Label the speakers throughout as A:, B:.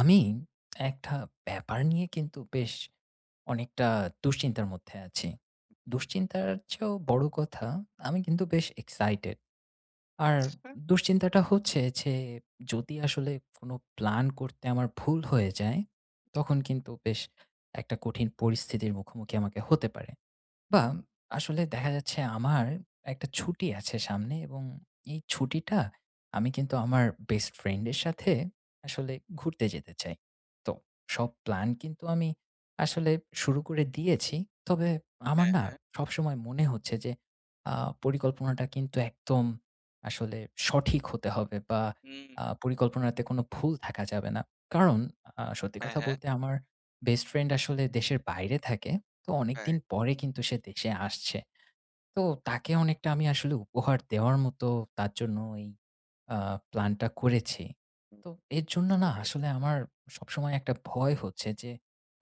A: আমি একটা ব্যাপার নিয়ে কিন্তু বেশ অনেকটা দুশ্চিন্তার মধ্যে আছি। দুশ্চিন্তার চেয়েও বড় কথা আমি কিন্তু বেশ এক্সাইটেড, আর
B: আ
A: দুশ্চিন্তাটা হচ্ছে যে যদি আসলে কোনো প্লান করতে আমার ভুল হয়ে যায়, তখন কিন্তু বেশ একটা কঠিন পরিস্থিতির মুখোমুখি আমাকে হতে পারে বা, আসলে দেখা যাচ্ছে আমার একটা ছুটি আছে সামনে এবং এই ছুটিটা আমি কিন্তু আমার বেস্ট ফ্রেন্ডের সাথে আসলে ঘুরতে যেতে চাই। তো সব প্ল্যান কিন্তু আমি আসলে শুরু করে দিয়েছি। তবে আমার
B: হ্যাঁ,
A: না
B: হ্যাঁ।
A: সবসময় মনে হচ্ছে যে, আ পরিকল্পনাটা কিন্তু একদম আসলে সঠিক হতে হবে বা,
B: হুম।
A: আ পরিকল্পনাতে কোনো ভুল থাকা যাবে না। কারণ আ সত্যি
B: হ্যাঁ,
A: কথা
B: হ্যাঁ।
A: বলতে আমার বেস্ট ফ্রেন্ড আসলে দেশের বাইরে থাকে। তো
B: তাই?
A: অনেকদিন পরে কিন্তু সে দেশে আসছে। তো তাকে অনেকটা আমি আসলে উপহার দেওয়ার মতো তার জন্য ওই আ প্লানটা করেছি।
B: হুম,
A: তো এর জন্য
B: বুঝতে
A: না
B: পেরেছি।
A: আসলে আমার সবসময় একটা ভয় হচ্ছে যে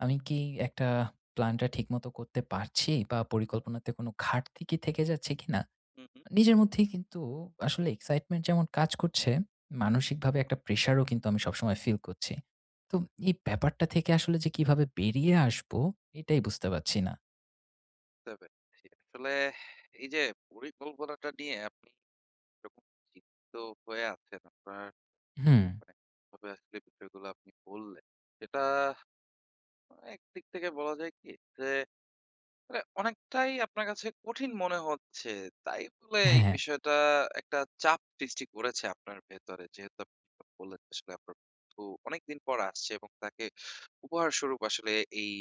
A: আমি কি একটা প্লানটা ঠিকমতো করতে পারছি বা, পরিকল্পনাতে কোন ঘাটতি থেকে যাচ্ছে কিনা?
B: হু, হু।
A: আ নিজের মধ্যেই কিন্তু আসলে এক্সাইটমেন্ট যেমন কাজ করছে, মানসিকভাবে একটা প্রেশারও কিন্তু আমি সবসময় ফিল করছি। তো উম এই ব্যাপারটা থেকে আসলে যে কীভাবে বেরিয়ে আসবো, এটাই বুঝতে পারছি না।
B: বুঝতে পেরেছি। আসলে এই যে পরিকল্পনাটা নিয়ে আপনি এরকম চিন্তিত হয়ে আছেন, আপনার
A: হুম।
B: মানে যেভাবে আসলে বিষয়গুলা আপনি বললেন। এটা এক দিক থেকে বলা যায় কি? যে মানে অনেকটাই আপনার কাছে কঠিন মনে হচ্ছে। তাই বলে এই
A: হ্যাঁ, হ্যাঁ।
B: বিষয়টা একটা চাপ সৃষ্টি করেছে আপনার ভেতরে যেহেতু আপনি বললেন আসলে আপনার বন্ধু অনেক দিন পর আসছে এবং তাকে উপহারস্বরূপ আসলে এই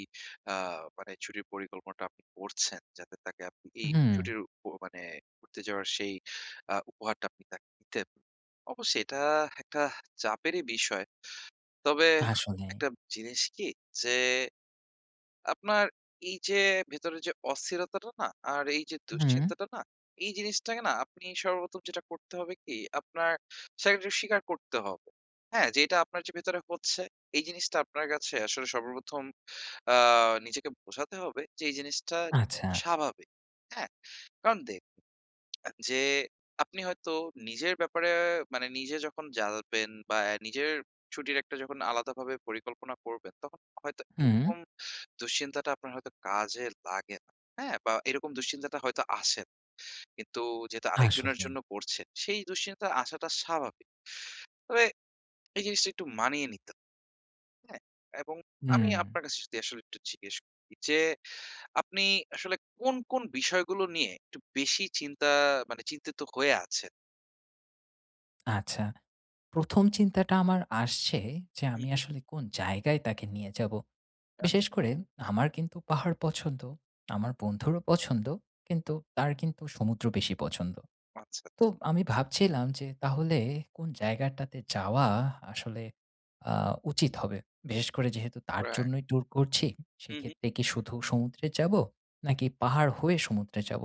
B: আ মানে ছুটির পরিকল্পনাটা আপনি করছেন যাতে তাকে আপনি এই
A: উহুম।
B: ছুটির অ মানে ঘুরতে যাওয়ার সেই আ উপহারটা আপনি তাকে দিতে। অবশ্যই এটা একটা চাপেরই বিষয়। তবে
A: আসলেই।
B: একটা জিনিস কি? যে আপনার এই যে ভেতরের যে অস্থিরতাটা না? আর এই যে
A: হুম।
B: দুশ্চিন্তাটা না? এই জিনিসটাকে না আপনি সর্বপ্রথম যেটা করতে হবে কি? আপনার [unintelligible] স্বীকার করতে হবে। হ্যাঁ, যে এটা আপনার যে ভেতরে হচ্ছে এই জিনিসটা আপনার কাছে আসলে সর্বপ্রথম আ নিজেকে বোঝাতে হবে যে এই জিনিসটা
A: আচ্ছা।
B: স্বাভাবিক। হ্যাঁ? কারণ দেখুন এম যে আপনি হয়তো নিজের ব্যাপারে মানে নিজে যখন জানবেন বা অ্যা নিজের ছুটির একটা যখন আলাদাভাবে পরিকল্পনা করবেন তখন হয়তো
A: হু।
B: এরকম দুশ্চিন্তাটা আপনার হয়তো কাজে লাগে না। হ্যাঁ? বা এরকম দুশ্চিন্তাটা হয়তো আসেন কিন্তু যেহেতু আরেকজনের
A: আসলেই।
B: জন্য করছেন সেই দুশ্চিন্তায়া আসাটা স্বাভাবিক। তবে এই জিনিসটা একটু মানিয়ে নিতে, হ্যাঁ, এবং আমি
A: হুম।
B: আপনার কাছে আসলে যদি একটু জিজ্ঞেস করি যে আপনি আসলে কোন, কোন বিষয়গুলো নিয়ে একটু বেশি চিন্তা মনে চিন্তিত হয়ে আছেন?
A: আচ্ছা ১ম চিন্তাটা আমার আসছে, যে
B: হু,
A: আমি
B: হু।
A: আসলে কোন জায়গায় তাকে নিয়ে যাবো? বিশেষ
B: আচ্ছা।
A: করে আমার কিন্তু পাহাড় পছন্দ। আমার বন্ধুরও পছন্দ কিন্তু তার কিন্তু সমুদ্র বেশি পছন্দ।
B: আচ্ছা, আচ্ছা।
A: তো আমি ভাবছিলাম যে তাহলে কোন জায়গাটাতে যাওয়া আসলে আ উচিৎ হবে? বিশেষ করে যেহেতু তার
B: রাইট।
A: জন্যই ট্যুর করছি,
B: হু, হু।
A: সেক্ষেত্রে কি শুধু সমুদ্রে যাব? নাকি পাহাড় হয়ে সমুদ্রে যাব?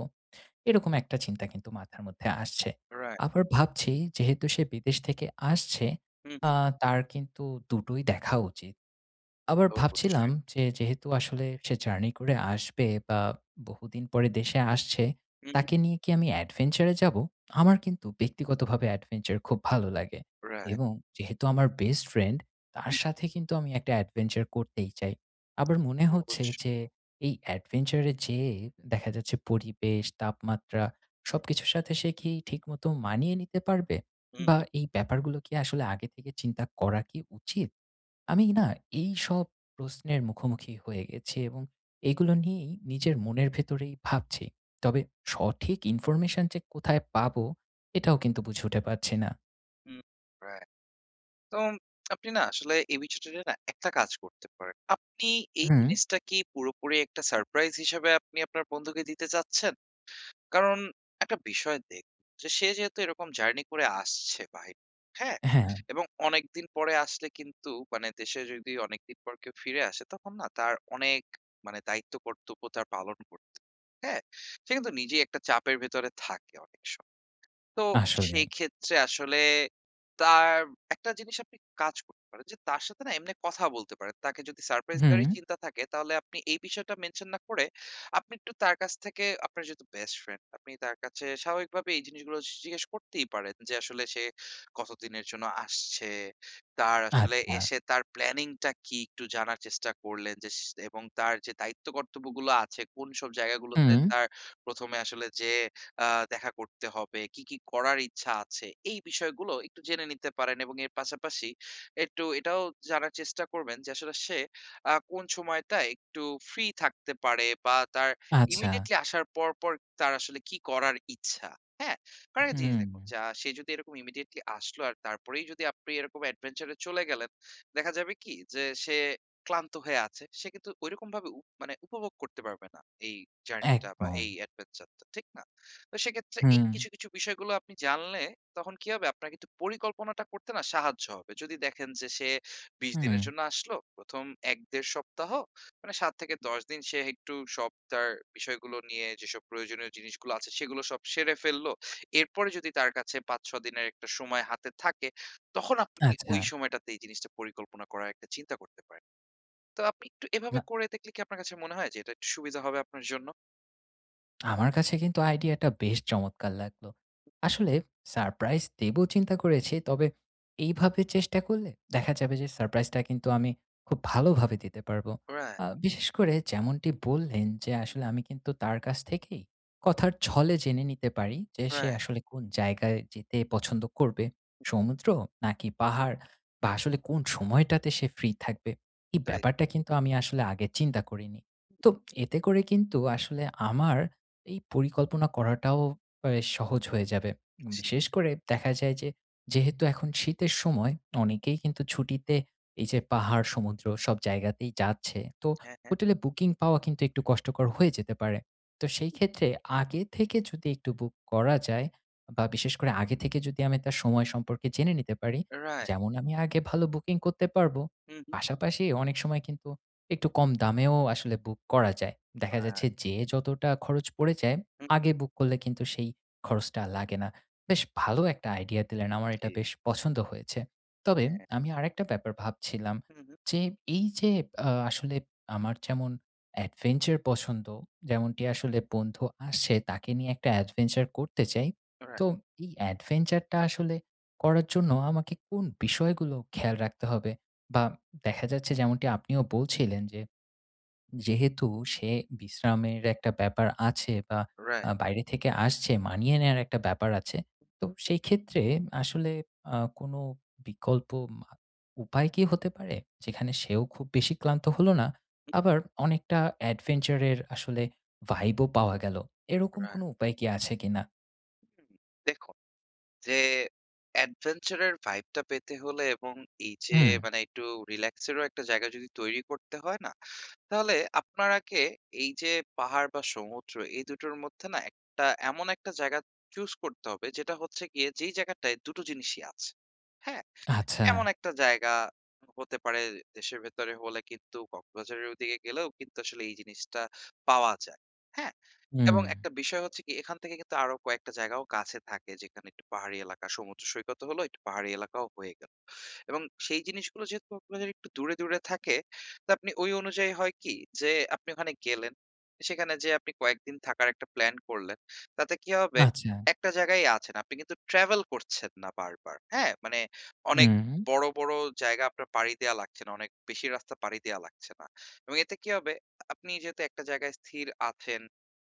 A: এরকম একটা চিন্তা কিন্তু মাথার মধ্যে আসছে।
B: রাইট।
A: আবার ভাবছি যেহেতু সে বিদেশ থেকে আসছে
B: হু,
A: আ
B: হু।
A: তার কিন্তু ২ টোই দেখা উচিৎ। আবার ভাবছিলাম
B: অবশ্যই।
A: যে যেহেতু আসলে সে জার্নি করে আসবে, বা বহুদিন পরে দেশে আসছে।
B: হু, হু।
A: তাকে নিয়ে কি আমি adventure এ যাবো? আমার কিন্তু ব্যক্তিগতভাবে adventure খুব ভালো লাগে।
B: রাইট।
A: এবং যেহেতু আমার বেস্ট ফ্রেন্ড, তার
B: হু।
A: সাথে কিন্তু আমি একটা adventure করতেই চাই। আবার মনে হচ্ছে
B: অবশ্যই।
A: যে এই adventure এ যেয়ে দেখা যাচ্ছে পরিবেশ, তাপমাত্রা সবকিছুর সাথে সে কি ঠিকমতো মানিয়ে নিতে পারবে?
B: হু,
A: বা
B: হু।
A: এই ব্যাপারগুলো কি আসলে আগে থেকে চিন্তা করা কি উচিৎ? আমি না এই সব প্রশ্নের মুখোমুখি হয়ে গেছি, এবং এগুলো নিয়েই নিজের মনের ভেতরেই ভাবছি। তবে সঠিক ইনফরমেশন যে কোথায় পাবো এটাও কিন্তু বুঝে উঠে পারছি না।
B: হুম, রাই তোম আপনি না আসলে এই বিষয়টা নিয়ে না একটা কাজ করতে পারেন। আপনি এই
A: হুম।
B: জিনিসটা কি পুরোপুরি একটা সারপ্রাইজ হিসাবে আপনি আপনার বন্ধুকে দিতে চাচ্ছেন? কারণ, ১ টা বিষয় দেখ সে যেহেতু এরকম জার্নি করে আসছে বাহির হ্যাঁ?
A: হ্যাঁ।
B: এবং অনেক দিন পরে আসলে কিন্তু মানে দেশে যদি অনেকদিন পর কেউ ফিরে আসে, তখন না তার অনেক মানে দায়িত্ব কর্তব্য তার পালন করতে হ্যাঁ? সে কিন্তু নিজেই একটা চাপের ভেতরে থাকে অনেক সময়। তো
A: আসলেই।
B: সেই ক্ষেত্রে আসলে তার ১ টা জিনিস আপনি কাজ করতে পারেন যে, তার সাথে না এমনি কথা বলতে পারেন। তাকে যদি সারপ্রাইজ দেওয়ারই
A: হু।
B: চিন্তা থাকে, তাহলে আপনি এই বিষয়টা মেনশন না করে, আপনি একটু তার কাছ থেকে আপনার যেহেতু বেস্ট ফ্রেন্ড, আপনি তার কাছে স্বাভাবিকভাবে এই জিনিসগুলো স জিজ্ঞেস করতেই পারেন, যে আসলে সে কতদিনের জন্য আসছে, তার আসলে
A: আচ্ছা।
B: এসে তার প্ল্যানিং টা কি? একটু জানার চেষ্টা করলেন যে সেস এবং তার যে দায়িত্ব কর্তব্যগুলো আছে, কোন সব জায়গাগুলোতে
A: হুম।
B: তার ১ম এ আসলে যেয়ে আ দেখা করতে হবে, কী, কী, করার ইচ্ছা আছে, এই বিষয়গুলো একটু জেনে নিতে পারেন এবং এর পাশাপাশি একটু এটাও জানার চেষ্টা করবেন যে, আসলে সে আ কোন সময়টায় একটু ফ্রি থাকতে পারে বা তার
A: আচ্ছা।
B: ইমিডিয়েটলি আসার পর, পর, তার আসলে কী করার ইচ্ছা, হ্যাঁ? কারণ একটা জিনিস দেখুন,
A: হুম।
B: যা সে যদি এরকম ইমিডিয়েটলি আসলো আর তারপরেই যদি আপনি এরকম এডভেঞ্চার এ চলে গেলেন, দেখা যাবে কি যে সে ক্লান্ত হয়ে আছে, সে কিন্তু ঐরকমভাবে উপ মানে উপভোগ করতে পারবে না এই জার্নি টা বা এই
A: একদম।
B: এডভেঞ্চার টা, ঠিক না? তো সেক্ষেত্রে এই
A: হুম।
B: কিছু, কিছু, বিষয়গুলো আপনি জানলে তখন কি হবে? আপনার কিন্তু পরিকল্পনাটা করতে না সাহায্য হবে। যদি দেখেন যে সে ২০
A: হুম।
B: দিনের জন্য আসল, প্রথম ১ ১.৫ সপ্তাহ মানে, ৭ থেকে ১০ দিন সে একটু সব তার বিষয়গুলো নিয়ে যেসব প্রয়োজনীয় জিনিসগুলো আছে, সেগুলো সব সেরে ফেলল। এরপরে যদি তার কাছে ৫, ৬ দিনের একটা সময় হাতে থাকে, তখন আপনি ওই
A: আচ্ছা।
B: সময়টাতে এই জিনিসটা পরিকল্পনা করার একটা চিন্তা করতে পারেন। তো আপনি একটু এভাবে
A: না।
B: করে দেখলে কি আপনার কাছে মনে হয় যে, এটা একটু সুবিধা হবে আপনার জন্য?
A: আমার কাছে কিন্তু আইডিয়াটা বেশ চমৎকার লাগলো। আসলে সারপ্রাইজ দিব চিন্তা করেছি, তবে এইভাবে চেষ্টা করলে দেখা যাবে যে, সারপ্রাইজটা কিন্তু আমি খুব ভালোভাবে দিতে পারবো।
B: রাইট।
A: আ বিশেষ করে যেমনটি বললেন যে, আসলে আমি কিন্তু তার কাছ থেকেই কথার ছলে জেনে নিতে পারি যে, সে
B: রাইট।
A: আসলে কোন জায়গায় যেতে পছন্দ করবে? সমুদ্র? নাকি পাহাড়? বা আসলে কোন সময়টাতে সে ফ্রি থাকবে? এই
B: রাইট।
A: ব্যাপারটা কিন্তু আমি আসলে আগে চিন্তা করিনি। তো এতে করে কিন্তু আসলে আমার এই পরিকল্পনা করাটাও অ্যা সহজ হয়ে যাবে।
B: [unintelligible]
A: বিশেষ করে দেখা যায় যে, যেহেতু এখন শীতের সময়, অনেকেই কিন্তু ছুটিতে এই যে পাহাড়, সমুদ্র সব জায়গাতেই যাচ্ছে। তো
B: হ্যাঁ, হ্যাঁ।
A: হোটেলে বুকিং পাওয়া কিন্তু একটু কষ্টকর হয়ে যেতে পারে। তো সেই ক্ষেত্রে আগে থেকে যদি একটু বুক করা যায় বা বিশেষ করে আগে থেকে যদি আমি তার সময় সম্পর্কে জেনে নিতে পারি,
B: রাইট।
A: যেমন আমি আগে ভালো বুকিং করতে পারবো।
B: হুম, হুম।
A: পাশাপাশি অনেক সময় কিন্তু একটু কম দামেও আসলে বুক করা যায়। দেখা
B: হ্যাঁ।
A: যাচ্ছে, যেয়ে যতটা খরচ পড়ে যায়,
B: হুম, হুম।
A: আগে বুক করলে কিন্তু সেই খরচটা লাগে না। বেশ ভালো একটা আইডিয়া দিলেন, আমার
B: জি।
A: এটা বেশ পছন্দ হয়েছে। তবে,
B: হ্যাঁ।
A: আমি আরেকটা ব্যাপার ভাবছিলাম,
B: হুম, হুম।
A: যে এই যে আ আসলে আমার যেমন adventure পছন্দ। যেমনটি আসলে বন্ধু আসে, তাকে নিয়ে একটা adventure করতে চাই,
B: রাইট।
A: তো এই adventure টা আসলে করার জন্য আমাকে কোন বিষয়গুলো খেয়াল রাখতে হবে? বা দেখা যাচ্ছে, যেমনটি আপনিও বলছিলেন যে, যেহেতু সে বিশ্রামের একটা ব্যাপার আছে বা
B: রাইট।
A: আ বাইরে থেকে আসছে, মানিয়ে নেওয়ার একটা ব্যাপার আছে। তো সেই ক্ষেত্রে আসলে আ কোনো বিকল্প মা উপায় কি হতে পারে, যেখানে সেও খুব বেশি ক্লান্ত হলো না,
B: হুম।
A: আবার অনেকটা adventure এর আসলে vibe ও পাওয়া গেল? এরকম
B: রাইট।
A: কোনো উপায় কি আছে কিনা?
B: দেখুন যে অ্যাডভেঞ্চার এর ভাইবটা পেতে হলে এবং এই যে
A: হু।
B: মানে একটু রিল্যাক্স এরও একটা জায়গা যদি তৈরি করতে হয় না? তাহলে আপনার আগে এই যে পাহাড় বা সমুদ্র এই ২ টোর মধ্যে না ১ টা এমন ১ টা জায়গা চুজ করতে হবে যেটা হচ্ছে গিয়ে যেই জায়গাটায় ২ টো জিনিসই আছে। হ্যাঁ? এমন
A: আচ্ছা।
B: একটা জায়গা হতে পারে দেশের ভেতরে হলে কিন্তু কক্সবাজারের ওই দিকে গেলেও কিন্তু আসলে এই জিনিসটা পাওয়া যায় হ্যাঁ? এবং
A: হুম।
B: একটা বিষয় হচ্ছে কি এখান থেকে কিন্তু আরো কয়েকটা জায়গাও কাছে থাকে যেখানে একটু পাহাড়ি এলাকা সমুদ্র সৈকতও হলো একটু পাহাড়ি এলাকাও হয়ে গেল। এবং সেই জিনিসগুলো যেহেতু আপনাদের একটু দূরে, দূরে থাকে তো আপনি ওই অনুযায়ী হয় কি, যে আপনি ওখানে গেলেন, সেখানে যেয়ে আপনি কয়েকদিন থাকার একটা প্লান করলেন, তাতে কী হবে,
A: আচ্ছা।
B: একটা জায়গায় আছেন, আপনি কিন্তু ট্রাভেল করছেন না বারবার। হ্যাঁ? মানে অনেক
A: হুম।
B: বড়, বড় জায়গা আপনার পাড়ি দেয়া লাগছে না। অনেক বেশি রাস্তা পাড়ি দেওয়া লাগছে না। এবং এতে কি হবে আপনি যেহেতু একটা জায়গায় স্থির আছেন,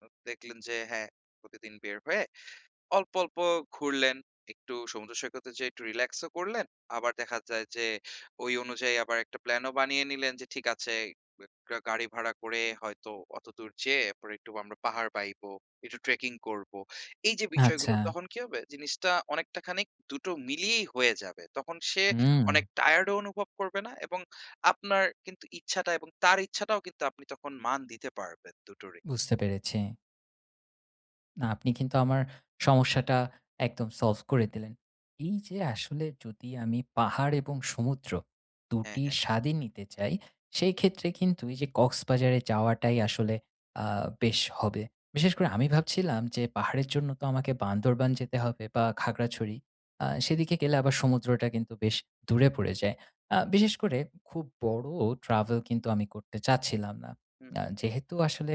B: উ দেখলেন যে হ্যাঁ, প্রতিদিন বের হয়ে অল্প, অল্প ঘুরলেন, একটু সমুদ্রসৈকতে যেয়ে একটু রিল্যাক্স ও করলেন। আবার দেখা যায় যে ওই অনুযায়ী আবার একটা প্ল্যান ও বানিয়ে নিলেন যে ঠিক আছে উ একটা গাড়ি ভাড়া করে হয়তো অতদূর যেয়ে এরপরে একটু ব আমরা পাহাড় বাইব, একটু ট্রেকিং করব। এই যে বিষয়গুলো
A: আচ্ছা।
B: তখন কি হবে জিনিসটা অনেকটা খানিক ২ টো মিলিয়েই হয়ে যাবে। তখন সে
A: হুম।
B: অনেক টায়ার্ড‌ ও অনুভব করবে না এবং আপনার কিন্তু ইচ্ছাটা এবং তার ইচ্ছাটাও কিন্তু আপনি তখন মান দিতে পারবেন, ২ টোরই।
A: বুঝতে পেরেছি। না, আপনি কিন্তু আমার সমস্যাটা একদম solve করে দিলেন। এই যে আসলে যদি আমি পাহাড় এবং সমুদ্র,
B: হ্যাঁ,
A: দুটি
B: হ্যাঁ।
A: স্বাদই নিতে চাই, সেই ক্ষেত্রে কিন্তু এই যে কক্সবাজারে যাওয়াটাই আসলে আ বেশ হবে। বিশেষ করে আমি ভাবছিলাম যে পাহাড়ের জন্য তো আমাকে বান্দরবান যেতে হবে বা খাগড়াছড়ি, আ সেদিকে গেলে আবার সমুদ্রটা কিন্তু বেশ দূরে পড়ে যায়। আ বিশেষ করে খুব বড় travel কিন্তু আমি করতে চাচ্ছিলাম না।
B: হুম।
A: আ যেহেতু আসলে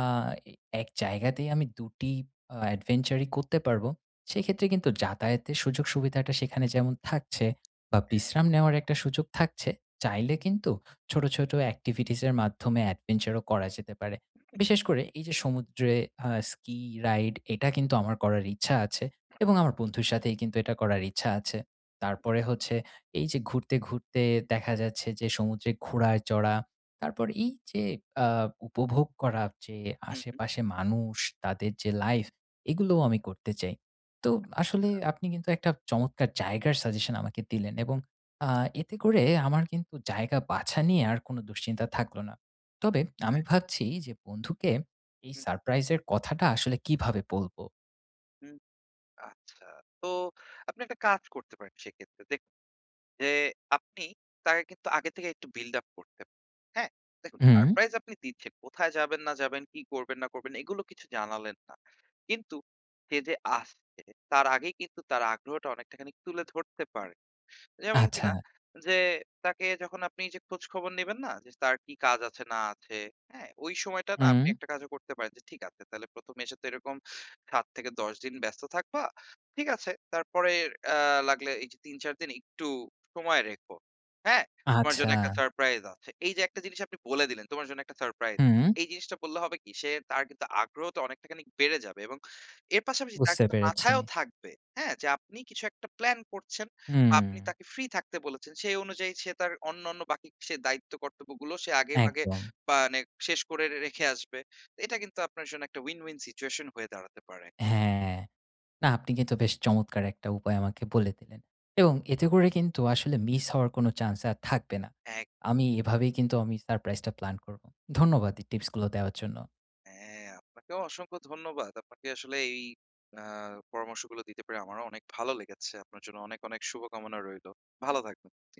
A: আ এই এক জায়গাতেই আমি ২টি আ adventure ই করতে পারব, সেই ক্ষেত্রে কিন্তু যাতায়াতের সুযোগ সুবিধাটা সেখানে যেমন থাকছে, বা
B: হ্যাঁ।
A: বিশ্রাম নেওয়ার একটা সুযোগ থাকছে, চাইলে কিন্তু ছোটো, ছোটো activities এর মাধ্যমে adventure ও করা যেতে পারে। বিশেষ করে এই যে সমুদ্রে আ ski ride এটা কিন্তু আমার করার ইচ্ছা আছে এবং আমার বন্ধুর সাথেই কিন্তু এটা করার ইচ্ছা আছে। তারপরে হচ্ছে এই যে ঘুরতে, ঘুরতে দেখা যাচ্ছে যে সমুদ্রে ঘোড়ায় চড়া, তারপর এই যে আ উপভোগ করার যে
B: হুম, হুম।
A: আশেপাশে মানুষ, তাদের যে life এগুলোও আমি করতে চাই। তো আসলে
B: আচ্ছা।
A: আপনি কিন্তু একটা চমৎকার জায়গার suggestion আমাকে দিলেন এবং আ এতে করে আমার কিন্তু জায়গা বাছা নিয়ে আর কোনো দুশ্চিন্তা থাকলো না। তবে আমি
B: হ্যাঁ।
A: ভাবছি যে, বন্ধুকে এই
B: হুম, হুম।
A: সারপ্রাইজের কথাটা আসলে কীভাবে বলবো?
B: হুম, আচ্ছা, তো আপনি একটা কাজ করতে পারেন সেক্ষেত্রে। দেখুন যে, আপনি তাকে কিন্তু আগে থেকে একটু বিল্ড আপ করতে প হ্যাঁ? দেখুন
A: হুম।
B: সারপ্রাইজ আপনি দিচ্ছেন, কোথায় যাবেন, না যাবেন, কী করবেন, না করবেন এগুলো কিছু জানালেন না। কিন্তু সে যে আসছে, তার আগেই কিন্তু তার আগ্রহটা অনেকটাখানিক তুলে ধরতে পারেন। যেমন কিনা,
A: আচ্ছা।
B: যে তাকে যখন আপনি এইযে খোঁজখবর নিবেন না? যে তার কি কাজ আছে, না আছে, হ্যাঁ? ঐ সময়টা না, আপনি
A: হুম।
B: একটা কাজও করতে পারেন। যে "ঠিক আছে, তাহলে ১মে এসে তো এরকম ৭ থেকে ১০ দিন ব্যস্ত থাকবা, ঠিক আছে। তারপরে আ লাগলে এইযে ৩-৪ দিন একটু সময় রেখো। হ্যাঁ? তোমার জন্য
A: আচ্ছা।
B: একটা সারপ্রাইজ আছে।" এইযে একটা জিনিস আপনি বলে দিলেন, "তোমার জন্য একটা সারপ্রাইজ আছে।"
A: হুম।
B: এই জিনিসটা বললে হবে কি? সে তার কিন্তু আগ্রহটা অনেকটাখানিক বেড়ে যাবে এবং এর পাশাপাশি তার
A: বুঝতে
B: কিন্তু
A: পেরেছি।
B: মাথায়ও থাকবে, হ্যাঁ? যে আপনি কিছু একটা প্ল্যান করছেন, বা আপনি
A: হুম।
B: তাকে ফ্রি থাকতে বলেছেন। সেই অনুযায়ী সে তার অন্যান্য বাকি সে দায়িত্ব-কর্তব্যগুলো সে আগেভাগে
A: একদম।
B: মানে শেষ করে রে রেখে আসবে। তো এটা কিন্তু আপনার জন্য একটা উইন, উইন সিচুয়েশন হয়ে দাঁড়াতে পারে।
A: হ্যাঁ, না আপনি কিন্তু বেশ চমৎকার একটা উপায় আমাকে বলে দিলেন। এবং এতে করে কিন্তু আসলে মিস হওয়ার কোনো চান্স আর থাকবে না।
B: এক
A: আমি এভাবেই কিন্তু আমি সারপ্রাইজটা প্লান করবো। ধন্যবাদ, এই টিপস গুলো দেওয়ার জন্য।
B: হ্যাঁ ,আপনাকেও অসংখ্য ধন্যবাদ। আপনাকে আসলে এই আ পরামর্শগুলো দিতে পেরে আমারও অনেক ভালো লেগেছে। আপনার জন্য অনেক অনেক শুভকামনা রইলো। ভালো থাকবেন, জি।